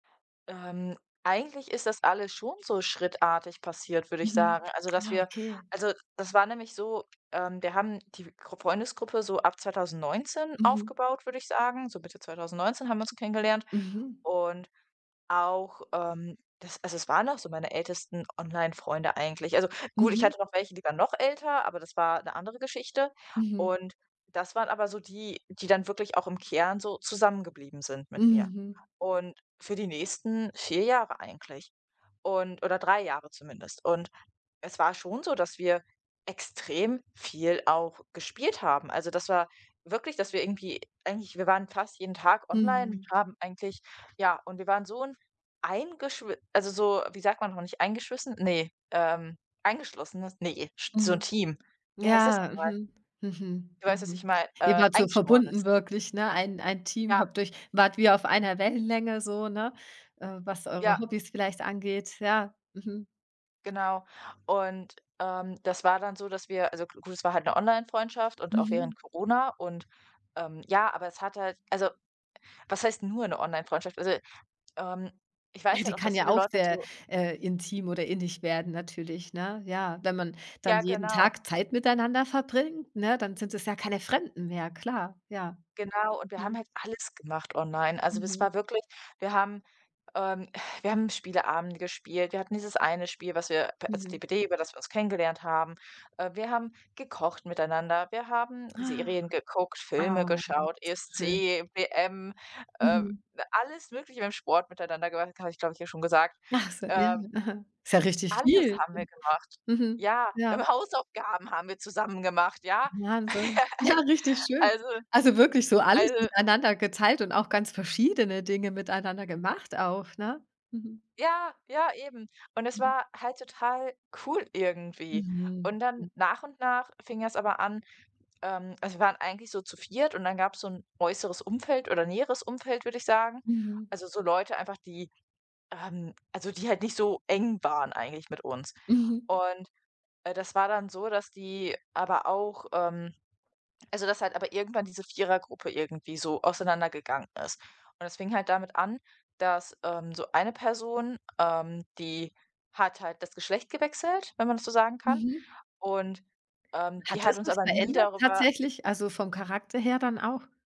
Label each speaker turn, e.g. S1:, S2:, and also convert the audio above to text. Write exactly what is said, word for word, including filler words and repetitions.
S1: Ähm, eigentlich ist das alles schon so schrittartig passiert, würde ich
S2: Mhm,
S1: sagen. Also, dass
S2: ah,
S1: wir
S2: okay.
S1: also, das war nämlich so, ähm, wir haben die Grupp Freundesgruppe so ab Zweitausendneunzehn
S2: Mhm.
S1: aufgebaut, würde ich sagen. So Mitte Zweitausendneunzehn haben wir uns so kennengelernt
S2: Mhm.
S1: und auch, ähm das also, es waren auch so meine ältesten Online-Freunde eigentlich. Also, gut, ich
S2: Mhm.
S1: hatte noch welche, die waren noch älter, aber das war 'ne andere Geschichte.
S2: Mhm.
S1: Und das waren aber so die, die dann wirklich auch im Kern so zusammengeblieben sind mit mir
S2: Mhm.
S1: und für die nächsten vier Jahre eigentlich und oder drei Jahre zumindest. Und es war schon so, dass wir extrem viel auch gespielt haben. Also, das war wirklich, dass wir irgendwie eigentlich wir waren fast jeden Tag online und
S2: Mhm.
S1: haben eigentlich ja, und wir waren so 'n eingeschwi also, so, wie sagt man noch, nicht eingeschwissen? Ne, ähm, eingeschlossenes, ne, sch so 'n
S2: Mhm.
S1: Team. Wie heißt das noch
S2: Ja,
S1: mal?
S2: mhm, mhm,
S1: Du weißt, was ich
S2: mhm,
S1: meine,
S2: eben
S1: äh,
S2: halt so
S1: eingeschworenes
S2: verbunden,
S1: Team.
S2: wirklich, ne? Ein ein Team,
S1: Ja.
S2: habt euch wart wie auf einer Wellenlänge so, ne, äh, was eure
S1: Ja.
S2: Hobbys vielleicht angeht? Ja, mhm.
S1: Genau. Und, ähm, das war dann so, dass wir also, g gut, es war halt 'ne Onlinefreundschaft und auch
S2: Mhm.
S1: während Corona und, ähm ja, aber es hat halt also, was heißt nur 'ne Online-Freundschaft? Also, ähm, ich
S2: Ja,
S1: weiß halt
S2: die
S1: auch,
S2: kann
S1: dass
S2: ja
S1: viele
S2: auch
S1: Leute
S2: sehr,
S1: dazu
S2: äh, intim oder innig werden natürlich, ne? Ja, wenn man dann
S1: Ja,
S2: jeden
S1: genau.
S2: Tag Zeit miteinander verbringt, ne? Dann sind es ja keine Fremden mehr, klar. Ja,
S1: Genau. Und wir haben
S2: mhm.
S1: halt alles gemacht online. Also, das
S2: Mhm.
S1: war wirklich wir haben, ähm, äh wir haben Spieleabende gespielt. Wir hatten dieses eine Spiel, was wir p als
S2: Mhm.
S1: DPD, über das wir uns kennengelernt haben, äh. Wir haben gekocht miteinander. Wir haben
S2: Ah,
S1: Serien geguckt, Filme
S2: ah.
S1: geschaut,
S2: Schön.
S1: ESC, WM, äh,
S2: Mhm.
S1: alles Mögliche im Sport miteinander gemacht. Das habe ich, glaube ich, dir schon gesagt,
S2: Ach so, ja,
S1: ähm.
S2: aha. Ist ja richtig
S1: Alles
S2: viel,
S1: haben wir gemacht.
S2: mhm,
S1: Ja,
S2: ja.
S1: wir haben Hausaufgaben haben wir zusammen gemacht, ja.
S2: Wahnsinn. Ja,
S1: Al
S2: richtig
S1: a
S2: schön.
S1: lso
S2: Also, wirklich so alles
S1: also
S2: miteinander geteilt und auch ganz verschiedene Dinge miteinander gemacht auch, ne? Mhm.
S1: Ja, ja, eben. Und es
S2: Mhm.
S1: war halt total cool irgendwie.
S2: Mhm,
S1: Und dann,
S2: mhm.
S1: nach und nach fing das aber an, ähm also, wir waren eigentlich so zu Viert. und dann gab's so 'n äußeres Umfeld oder näheres Umfeld, würde ich sagen.
S2: Mhm.
S1: Also, so Leute einfach, die ähm, also, die halt nicht so eng waren eigentlich mit uns.
S2: Mhm.
S1: Und, äh, das war dann so, dass die aber auch, ähm also, dass halt aber irgendwann diese Vierergruppe irgendwie so auseinandergegangen ist. Und das fing halt damit an, dass, ähm, so eine Person, ähm, die hat halt das Geschlecht gewechselt, wenn man das so sagen kann,
S2: Mhm.
S1: und, ähm, die
S2: Hat das
S1: hat uns
S2: was
S1: aber nie
S2: verändert,
S1: darüber
S2: tatsächlich? Also, vom Charakter her dann auch?